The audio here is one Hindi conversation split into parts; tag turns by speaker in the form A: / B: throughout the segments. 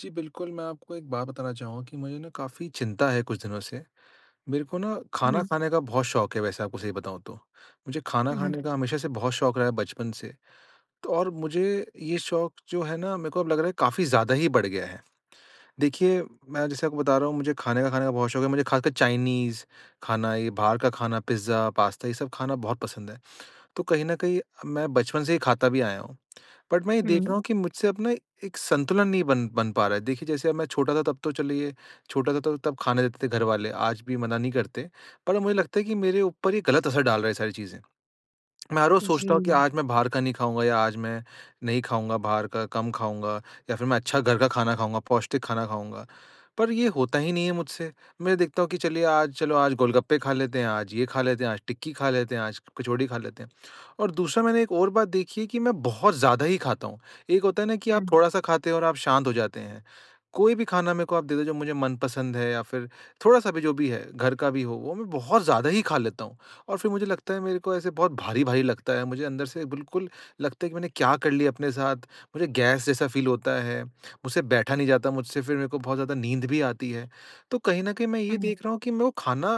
A: जी बिल्कुल, मैं आपको एक बात बताना चाहूँगा कि मुझे न काफ़ी चिंता है कुछ दिनों से। मेरे को न
B: हुँ,
A: खाना
B: हुँ।
A: खाने का बहुत शौक़ है वैसे आपको सही बताऊँ तो। मुझे खाना
B: हुँ, हुँ।
A: खाने का हमेशा से बहुत शौक़ रहा है बचपन से। तो और मुझे ये शौक़ जो है न मेरे को अब लग रहा है काफ़ी ज़्यादा ही बढ़ गया है। देखिए, मैं जैसे आपको बता रहा हूँ मुझे खाने का खाने का बहुत शौक़ है। मुझे ख़ासकर चाइनीज़ खाना ये बाहर का खाना, पिज़्ज़ा, पास्ता ये सब खाना बहुत पसंद है। तो कहीं न कहीं मैं बचपन से ही खाता भी आया हूँ। बट मैं ये देख
B: हुँ।
A: रहा हूँ कि मुझसे अपना एक संतुलन नहीं बन बन पा रहा है। देखिए, जैसे अब मैं छोटा था तब तो चलिए छोटा था तो तब खाने देते थे घरवाले आज भी मना नहीं करते। पर अब मुझे लगता है कि मेरे ऊपर ये गलत असर डाल रहा है ये सारी चीज़ें। मैं हर रोज़ सोचता हूँ कि
B: जी।
A: आज मैं बाहर का नहीं खाऊँगा या आज मैं नहीं खाऊँगा बाहर का, कम खाऊँगा या फिर मैं अच्छा घर का खाना खाऊँगा, पौष्टिक खाना खाऊँगा। पर ये होता ही नहीं है मुझसे, मैं देखता हूँ कि चलिए आज चलो आज गोलगप्पे खा लेते हैं, आज ये खा लेते हैं, आज टिक्की खा लेते हैं, आज कचौड़ी खा लेते हैं। और दूसरा मैंने एक और बात देखी है कि मैं बहुत ज़्यादा ही खाता हूँ। एक होता है न कि आप
B: हुँ।
A: थोड़ा-सा खाते हैं और आप शांत हो जाते हैं। कोई भी खाना मेरे को आप दे-दे जो मुझे मनपसंद है या फिर थोड़ा-सा भी जो भी है घर का भी हो वो मैं बहुत ज़्यादा ही खा लेता हूँ। और फिर मुझे लगता है मेरे को ऐसे बहुत भारी-भारी लगता है मुझे अंदर से बिल्कुल लगता है कि मैंने क्या कर लिया अपने साथ? मुझे गैस जैसा फील होता है, मुझसे बैठा नहीं जाता मुझसे फिर मेरे को बहुत ज़्यादा नींद भी आती है। तो कहीं न कहीं मैं ये
B: हुँ।
A: देख रहा हूँ कि मैं वो खाना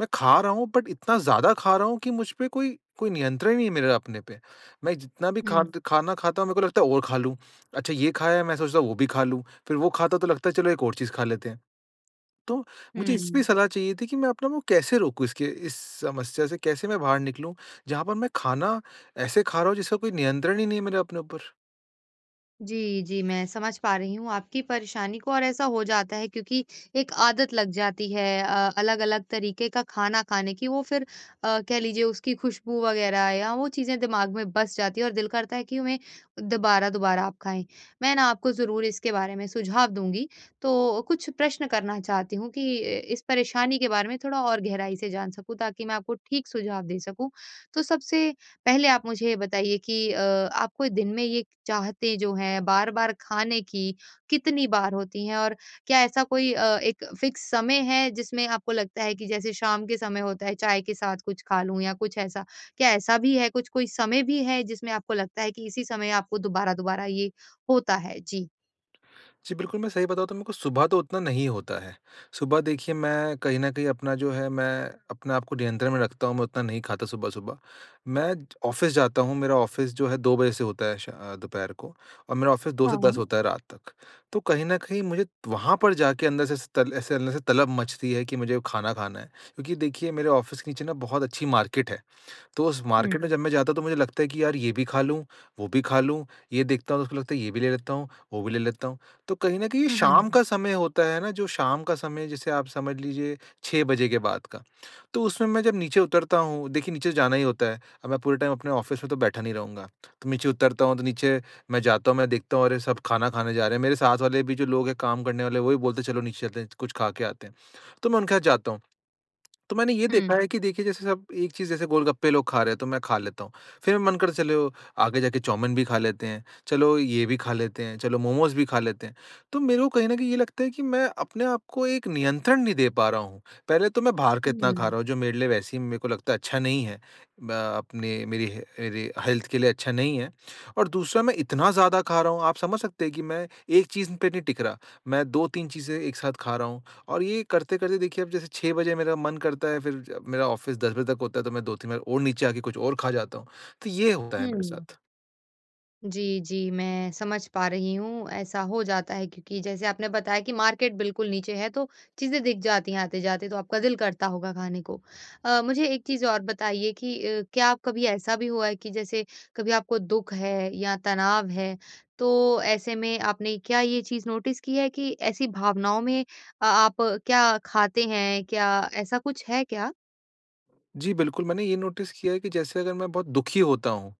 A: मैं खा रहा हूँ बट इतना ज़्यादा खा रहा हूँ कि मुझपे कोई कोई नियंत्रण नहीं है मेरे अपने पे। मैं जितना भी खा
B: हुँ।
A: द खाना खाता हूँ मेरे को लगता है और खा लूँ। अच्छा ये खाया है मैं सोचता वो भी खा लूँ। फिर वो खाता तो लगता है चलो एक और चीज़ खा लेते हैं। तो मुझे इस पे
B: हुँ।
A: सलाह चाहिए थी कि मैं अपने को कैसे रोकूँ? इसके इस समस्या से कैसे मैं बाहर निकलूँ? जहाँ पर मैं खाना ऐसे खा रहा हूँ जिसका कोई नियंत्रण ही नहीं है मेरे अपने ऊपर।
B: जी, जी, मैं समझ पा रही हूँ आपकी परेशानी को और ऐसा हो जाता है क्योंकि एक आदत लग जाती है अ अलग-अलग तरीके का खाना खाने की वो फिर अ, कह लीजिए उसकी खुशबू वग़ैरह या वो चीज़ें दिमाग में बस जाती है और दिल करता है कि उन्हें दोबारा-दोबारा आप खाएँ। मैं ना आपको ज़रूर इसके बारे में सुझाव दूँगी। तो कुछ प्रश्न करना चाहती हूँ कि अ, इस परेशानी के बारे में थोड़ा और गहराई से जान सकूँ ताकि मैं आपको ठीक सुझाव दे सकूँ। तो सबसे पहले आप मुझे ये बताइए कि अ आपको दिन में ये चाहतें जो हैं बार-बार खाने की कितनी बार होती हैं? और क्या ऐसा कोई अ, एक फिक्स समय है जिसमें आपको लगता है कि जैसे शाम के समय होता है, चाय के साथ कुछ खा लूँ? या कुछ ऐसा, क्या ऐसा भी है कुछ कोई समय भी है जिसमें आपको लगता है कि इसी समय आपको दोबारा-दोबारा ये होता है? जी।
A: जी बिल्कुल, मैं सही बताऊँ तो मेरे को सुबह तो उतना नहीं होता है। सुबह देखिए मैं कहीं न कहीं अपना जो है मैं अपने आप को नियंत्रण में रखता हूँ, मैं उतना नहीं खाता सुबह-सुबह। मैं ज ऑफिस जाता हूँ, मेरा ऑफिस जो है 2 बजे से होता है शा अ, दोपहर को और मेरा ऑफिस 2 से 10
B: हाँ।
A: होता है रात तक। तो कहीं न कहीं मुझे वहाँ पर जाके अंदर से ऐसे तल ऐसे अंदर से तलब मचती है कि मुझे खाना खाना है। क्योंकि देखिए मेरे ऑफिस के नीचे ना बहुत अच्छी मार्केट है। तो उस
B: हुँ।
A: मार्केट में जब मैं जाता हूँ तो मुझे लगता है कि यार ये भी खा लूँ, वो भी खा लूँ, ये देखता हूँ तो उसको लगता है ये भी ले लेता हूँ, वो भी ले लेता हूँ। तो कहीं न कहीं ये
B: हुँ, हुँ।
A: शाम का समय होता है ना जो शाम का समय जैसे आप समझ लीजिए 6 बजे के बाद का। तो उसमें मैं जब नीचे उतरता हूँ देखिए नीचे जाना ही होता है। अब मैं पूरे टाइम अपने ऑफिस में तो बैठा नहीं रहूँगा। तो नीचे उतरता हूँ तो नीचे मैं जाता हूँ, मैं देखता हूँ अरे! सब खाना खाने जा रहे हैं। मेरे साथ वाले भी जो लोग हैं काम करने वाले वो भी बोलते हैं चलो नीचे चलते हैं, च कुछ खा के आते हैं। तो मैं उनके साथ जाता हूँ। तो मैंने ये देखा
B: हुँ।
A: है कि देखिए जैसे सब एक चीज़ जैसे गोलगप्पे लोग खा रहे हैं तो मैं खा लेता हूँ। फिर मन कर चलो आगे जाके चाउमीन भी खा लेते हैं, चलो ये भी खा लेते हैं, चलो मोमोस भी खा लेते हैं। तो मेरे को कहीं न कहीं ये लगता है कि मैं अपने आपको एक नियंत्रण नहीं दे पा रहा हूँ। पहले तो मैं बाहर का इतना खा
B: हुँ।
A: रहा हूँ जो मेरे लिए वैसे ही मेरे को लगता है अच्छा नहीं है। अ अपने मेरी ह ऐरी हेल्थ के लिए अच्छा नहीं है। और दूसरा मैं इतना ज़्यादा खा रहा हूँ, आप समझ सकते हैं कि मैं एक चीज़ पे नहीं टिक रहा। मैं 2-3 चीजें एक साथ खा रहा हूँ और ये करते-करते देखिए अब जैसे 6 बजे मेरा मन करता है फिर जब मेरा ऑफिस 10 बजे तक होता है तो मैं 2-3 बार और नीचे आके कुछ और खा जाता हूँ। तो ये होता है मेरे
B: हुँ।
A: साथ।
B: जी, जी, मैं समझ पा रही हूँ। ऐसा हो जाता है क्योंकि जैसे आपने बताया कि मार्केट बिल्कुल नीचे है तो चीज़ें दिख जाती हैं आते-जाते तो आपका दिल करता होगा खाने को। अ, मुझे एक चीज़ और बताइए कि अ, क्या आप कभी ऐसा भी हुआ है कि जैसे कभी आपको दुःख है या तनाव है तो ऐसे में आपने क्या ये चीज़ नोटिस की है कि ऐसी भावनाओं में अ आप क्या खाते हैं? क्या ऐसा कुछ है क्या?
A: जी बिल्कुल, मैंने ये नोटिस किया है कि जैसे अगर मैं बहुत दुखी होता हूँ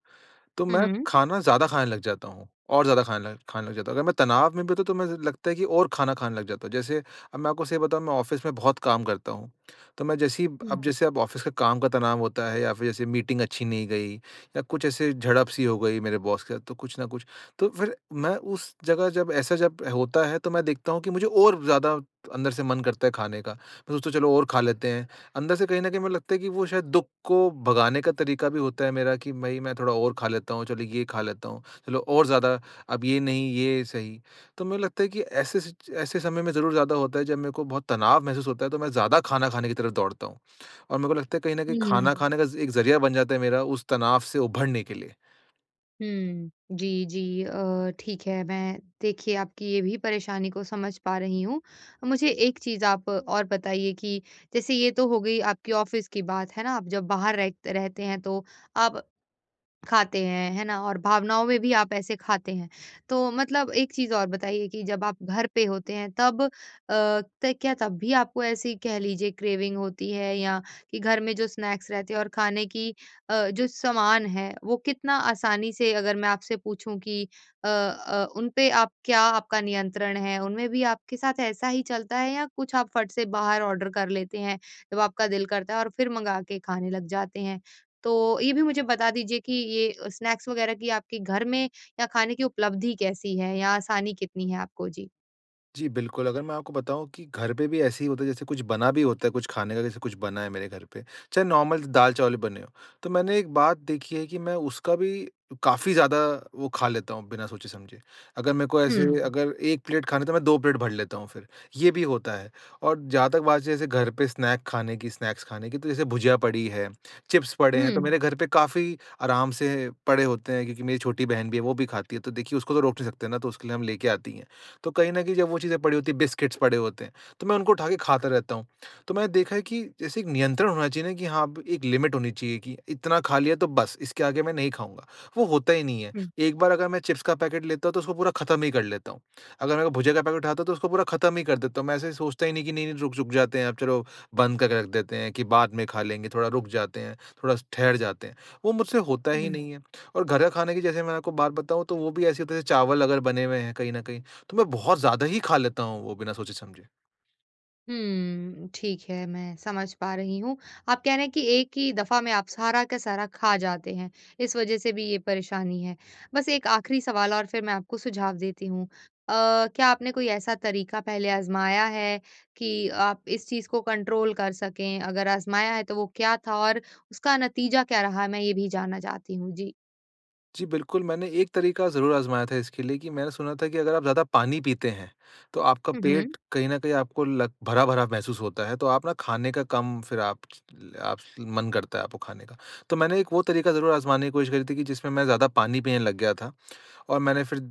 A: तो
B: हुँ,
A: मैं
B: हुँ।
A: खाना ज़्यादा खाने लग जाता हूँ। और ज़्यादा खाने ल खाने लग जाता हूँ। अगर मैं तनाव में भी होता हूँ तो मुझे लगता है कि और खाना खाने लग जाता हूँ। जैसे अब मैं आपको सही बताऊँ मैं ऑफिस में बहुत काम करता हूँ। तो मैं जैसे ही
B: उ
A: अब जैसे अब ऑफिस का काम का तनाव होता है या फिर जैसे मीटिंग अच्छी नहीं गई या कुछ ऐसे झड़प-सी हो गई मेरे बॉस के साथ तो कुछ न कुछ। तो फिर मैं उस जगह जब ऐसा जब होता है तो मैं देखता हूँ कि मुझे और ज़्यादा अंदर से मन करता है खाने का। मैं सोचता चलो और खा लेते हैं। अंदर से कहीं न कहीं मुझे लगता है कि वो शायद दुःख को भगाने का तरीका भी होता है मेरा कि भई मैं थोड़ा और खा लेता हूँ, चलो ये खा लेता हूँ, चलो और ज़्यादा अब ये नहीं ये सही। तो मुझे लगता है कि ऐसे सच ऐसे समय में ज़रूर ज़्यादा होता है जब मेरे को बहुत तनाव महसूस होता है तो मैं ज़्यादा खाना खाने की तरफ दौड़ता हूँ। और मेरे को लगता है कहीं न कहीं
B: हुँ।
A: खाना खाने का ज़ एक ज़रिया बन जाता है मेरा उस तनाव से उभरने के लिए।
B: हुँ, जी, जी अ, ठीक है। मैं देखिए आपकी ये भी परेशानी को समझ पा रही हूँ। मुझे एक चीज़ आप और बताइए कि जैसे ये तो हो गई आपकी ऑफ़िस की बात, है ना? आप जब बाहर रह रहते हैं तो आप खाते हैं, है ना? और भावनाओं में भी आप ऐसे खाते हैं। तो मतलब एक चीज़ और बताइए कि जब आप घर पे होते हैं तब अ, त क्या तब भी आपको ऐसे कह लीजिए क्रेविंग होती है या कि घर में जो स्नैक्स रहते हैं और खाने की अ, जो सामान है वो कितना आसानी से अगर मैं आपसे पूछूँ कि अ अ, उनपे आप क्या आपका नियंत्रण है? उनमें भी आपके साथ ऐसा ही चलता है या कुछ आप फट से बाहर ऑर्डर कर लेते हैं? जब आपका दिल करता है और फिर मँगा के खाने लग जाते हैं? तो ये भी मुझे बता दीजिए कि ये स्नैक्स वग़ैरह कि आपके घर में या खाने की उपलब्धि कैसी है या आसानी कितनी है आपको? जी।
A: जी बिल्कुल, अगर मैं आपको बताऊँ कि घर पे भी ऐसे ही होता है जैसे कुछ बना भी होता है कुछ खाने का जैसे कुछ बना है मेरे घर पे, चाहे नॉर्मल दाल-चावल ही बने हो। तो मैंने एक बात देखी है कि मैं उसका भी काफ़ी ज़्यादा वो खा लेता हूँ बिना सोचे समझे। अगर मेरे को ऐसे
B: हुँ।
A: अगर 1 खाना है तो मैं 2 प्लेट भर लेता हूँ फिर, ये भी होता है। और जहाँ तक बात जैसे घर पे स्नैक खाने की, स्नैक्स खाने की तो जैसे भुजिया पड़ी है, चिप्स पड़े हैं तो
B: हुँ।
A: मेरे घर पे काफ़ी आराम से पड़े होते हैं क्योंकि मेरी छोटी बहन भी है वो भी खाती है। तो देखिए उसको तो रोक नहीं सकते न तो उसके लिए हम ले के आते ही हैं। तो कहीं न कहीं जब वो चीज़ें पड़ी होती है, बिस्किट्स पड़े होते हैं तो मैं उनको उठा के खाता रहता हूँ। तो मैंने देखा है कि जैसे एक नियंत्रण होना चाहिए न कि हाँ, एक लिमिट होनी चाहिए कि इतना खा लिया तो बस, इसके आगे मैं नहीं खाऊँगा, वो होता ही नहीं है।
B: हुँ।
A: एक बार अगर मैं चिप्स का पैकेट लेता हूँ तो उसको पूरा ख़त्म ही कर लेता हूँ। अगर मेरे को भुजिया का पैकेट उठता हूँ तो उसको पूरा ख़त्म ही कर देता हूँ। मैं ऐसे सोचता ही नहीं कि नहीं-नहीं रुक रुक जाते हैं अब चलो बंद करके रख देते हैं कि बाद में खा लेंगे थोड़ा रुक जाते हैं, थोड़ा-सा ठहर जाते हैं। वो मुझसे होता ही
B: हुँ।
A: नहीं है और घर का खाने की जैसे मैं आपको बात बताऊँ तो वो भी ऐसे होता है चावल अगर बने हुए हैं कहीं न कहीं तो मैं बहुत ज़्यादा ही खा लेता हूँ वो बिना सोचे समझे।
B: हुँ, ठीक है, मैं समझ पा रही हूँ। आप कह रहे हैं कि एक ही दफ़ा में आप सारा का सारा खा जाते हैं, इस वजह से भी ये परेशानी है। बस एक आखिरी सवाल और फिर मैं आपको सुझाव देती हूँ। अ, क्या आपने कोई ऐसा तरीका पहले आज़माया है कि आप इस चीज़ को कंट्रोल कर सकें? अगर आज़माया है तो वो क्या था और उसका नतीजा क्या रहा मैं ये भी जानना चाहती हूँ? जी।
A: जी बिल्कुल, मैंने एक तरीका ज़रूर आज़माया था इसके लिए कि मैंने सुना था कि अगर आप ज़्यादा पानी पीते हैं तो आपका
B: हुँ, हुँ।
A: पेट कहीं न कहीं आपको लग भरा-भरा महसूस होता है तो आप न खाने का कम फिर आप च ले आप मन करता है आपको खाने का। तो मैंने एक वो तरीका ज़रूर आज़माने की कोशिश करी थी कि जिसमें मैं ज़्यादा पानी पीने लग गया था। और मैंने फिर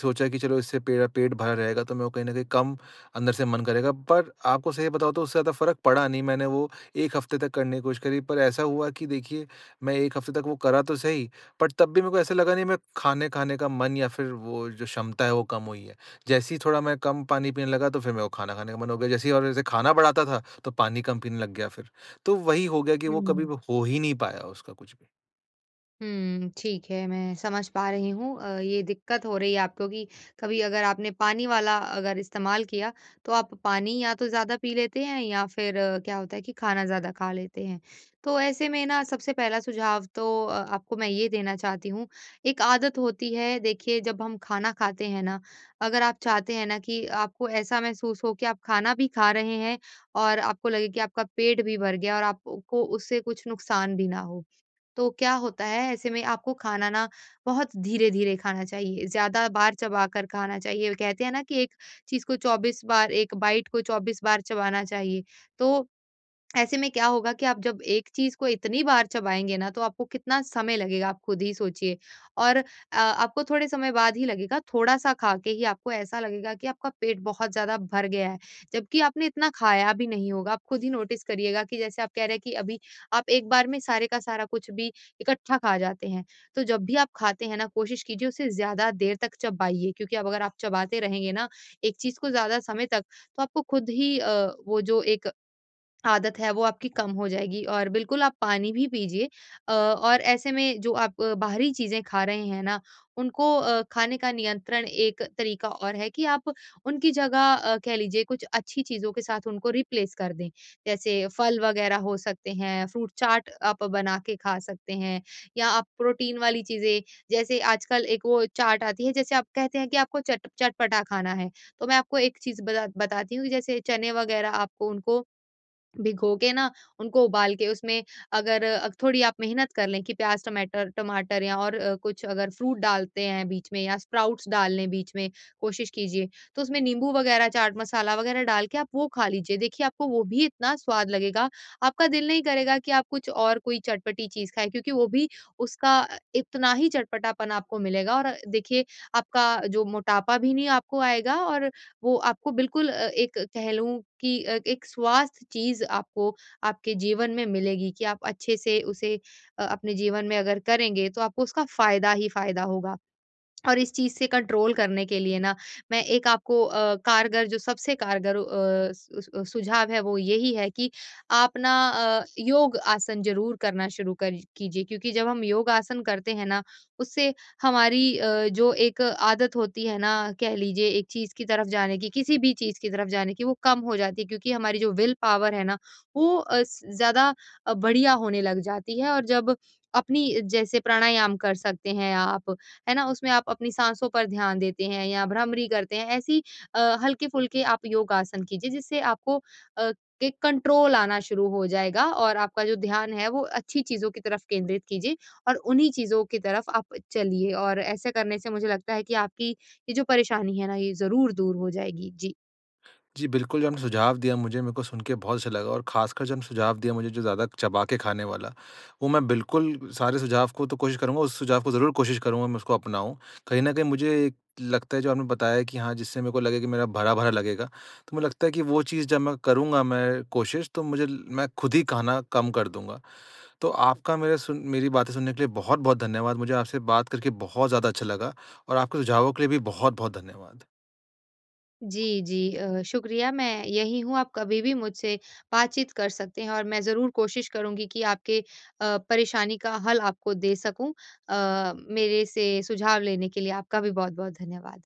A: सोचा कि चलो इससे पे पेट भरा रहेगा तो मेरे को कहीं न कहीं कम अंदर से मन करेगा। पर आपको सही बताऊँ तो उससे ज़्यादा फ़र्क पड़ा नहीं। मैंने वो 1 हफ़्ते तक करने की कोशिश करी पर ऐसा हुआ कि देखिए मैं 1 हफ़्ते तक वो करा तो सही बट तब भी मेरे को ऐसा लगा नहीं मैं खाना खाने का मन या फिर वो जो क्षमता है वो कम हुई है। जैसे ही थोड़ा मैं कम पानी पीने लगा तो फिर मेरे को खाना खाने का मन हो गया। जैसे ही और जैसे खाना बढ़ाता था तो पानी कम पीने लग गया फिर। तो वही हो गया कि वो कभी
B: हुँ।
A: वो हो ही नहीं पाया उसका कुछ भी।
B: हुँ, ठीक है, मैं समझ पा रही हूँ अ, ये दिक्कत हो रही है आपको कि कभी अगर आपने पानी वाला अगर इस्तेमाल किया तो आप पानी या तो ज़्यादा पी लेते हैं या फिर क्या होता है कि खाना ज़्यादा खा लेते हैं। तो ऐसे में न सबसे पहला सुझाव तो अ आपको मैं ये देना चाहती हूँ एक आदत होती है देखिए जब हम खाना खाते हैं ना अगर आप चाहते हैं ना कि आपको ऐसा महसूस हो कि आप खाना भी खा रहे हैं और आपको लगे कि आपका पेट भी भर गया और आपको को उससे कुछ नुकसान भी ना हो। तो क्या होता है ऐसे में आपको खाना न बहुत धीरे-धीरे खाना चाहिए। ज़्यादा बार चबाकर खाना चाहिए कहते हैं न कि एक चीज़ को 24 बार 1 बाइट को 24 बार चबाना चाहिए। तो ऐसे में क्या होगा कि आप जब एक चीज़ को इतनी बार चबाएँगे न तो आपको कितना समय लगेगा आप खुद ही सोचिए। और अ आपको थोड़े समय बाद ही लगेगा थोड़ा-सा खा के ही आपको ऐसा लगेगा कि आपका पेट बहुत ज़्यादा भर गया है जबकि आपने इतना खाया भी नहीं होगा। आप खुद ही नोटिस करिएगा कि जैसे आप कह रहे हैं कि अभी आप एक बार में सारे का सारा कुछ भी इकट्ठा खा जाते हैं। तो जब भी आप खाते हैं न कोशिश कीजिए उसे ज़्यादा देर तक चबाइए क्योंकि अब अगर आप चबाते रहेंगे न एक चीज़ को ज़्यादा समय तक तो आपको खुद ही अ, वो जो एक आदत है वो आपकी कम हो जाएगी। और बिल्कुल आप पानी भी पीजिए अ और ऐसे में जो आप बाहरी चीज़ें खा रहे हैं न उनको अ, खाने का नियंत्रण एक तरीक़ा और है कि आप उनकी जगह अ, कह लीजिए कुछ अच्छी चीज़ों के साथ उनको रिप्लेस कर दें। जैसे फल वग़ैरह हो सकते हैं फ्रूट चाट आप बना के खा सकते हैं या आप प्रोटीन वाली चीज़ें जैसे आजकल एक वो चाट आती है जैसे आप कहते हैं कि आपको चट चटपटा खाना है। तो मैं आपको एक चीज़ बता बताती हूँ जैसे चने वग़ैरह आपको उनको भिगोके न उनको उबाल के उसमें अगर अ, थोड़ी आप मेहनत कर लें कि प्याज, टमैटर टमाटर या और अ, कुछ अगर फ्रूट डालते हैं बीच में या स्प्राउट्स डाल लें बीच में कोशिश कीजिए। तो उसमें नींबू वगैरह चाट मसाला वग़ैरह डाल के आप वो खा लीजिए। देखिए, आपको वो भी इतना स्वाद लगेगा। आपका दिल नहीं करेगा कि आप कुछ और कोई चटपटी चीज़ खाएँ क्योंकि वो भी उसका इतना ही चटपटापन आपको मिलेगा। और देखिए आपका जो मोटापा भी नहीं आपको आएगा और वो आपको बिल्कुल अ, एक कह लूँ कि अ, एक स्वास्थ्य चीज़ आपको आपके जीवन में मिलेगी कि आप अच्छे से उसे अ अपने जीवन में अगर करेंगे तो आपको उसका फ़ायदा ही फ़ायदा होगा। और इस चीज़ से कंट्रोल करने के लिए न मैं एक आपको अ, कारगर जो सबसे कारगर अ, स उस अ, सुझाव है वो यही है कि आप न अ, योग-आसन ज़रूर करना शुरू कर कीजिए क्योंकि जब हम योगा-आसन करते हैं न उससे हमारी जो अ, एक आदत होती है न कह लीजिए एक चीज़ की तरफ़ जाने की किसी भी चीज़ की तरफ़ जाने की वो कम हो जाती है क्योंकि हमारी जो विल पावर है ना वो अ, स ज़्यादा अ, बढ़िया होने लग जाती है। और जब अपनी जैसे प्राणायाम कर सकते हैं आप, है ना? उसमें आप अपनी साँसों पर ध्यान देते हैं या भ्रामरी करते हैं ऐसी अ, हल्के-फुल्के आप योग-आसन कीजिए। जिससे आपको अ, एक कंट्रोल आना शुरू हो जाएगा और आपका जो ध्यान है वो अच्छी चीज़ों की तरफ़ केंद्रित कीजिए और उन्हीं चीज़ों की तरफ़ आप चलिए। और ऐसे करने से मुझे लगता है कि आपकी ये जो परेशानी है न ये ज़रूर दूर हो जाएगी। जी।
A: जी बिल्कुल, जो आपने सुझाव दिया मुझे मेरे को सुन के बहुत अच्छा लगा और ख़ासकर जो म सुझाव दिया मुझे जो ज़्यादा चबा के खाने वाला, वो मैं बिल्कुल सारे सुझाव को तो कोशिश करूँगा उस सुझाव को ज़रूर कोशिश करूँगा मैं उसको अपनाऊँ। कहीं न कहीं मुझे लगता है जो आपने बताया है कि हाँ, जिससे मेरे को लगे कि मेरा भरा-भरा लगेगा तो मुझे लगता है कि वो चीज़ जब मैं करूँगा मैं कोशिश तो मुझे ल मैं खुद ही खाना कम कर दूँगा। तो आपका मेरा सुन मेरी बातें सुनने के लिए बहुत-बहुत धन्यवाद। मुझे आपसे बात करके बहुत ज़्यादा अच्छा लगा और आपके सुझावों के लिए भी बहुत-बहुत धन्यवाद।
B: जी, जी अ, शुक्रिया मैं यहीं हूँ आप कभी भी मुझसे बातचीत कर सकते हैं और मैं ज़रूर कोशिश करुँगी कि आपके अ, परेशानी का हल आपको दे सकूँ। अ, मेरे से सुझाव लेने के लिए आपका भी बहुत-बहुत धन्यवाद।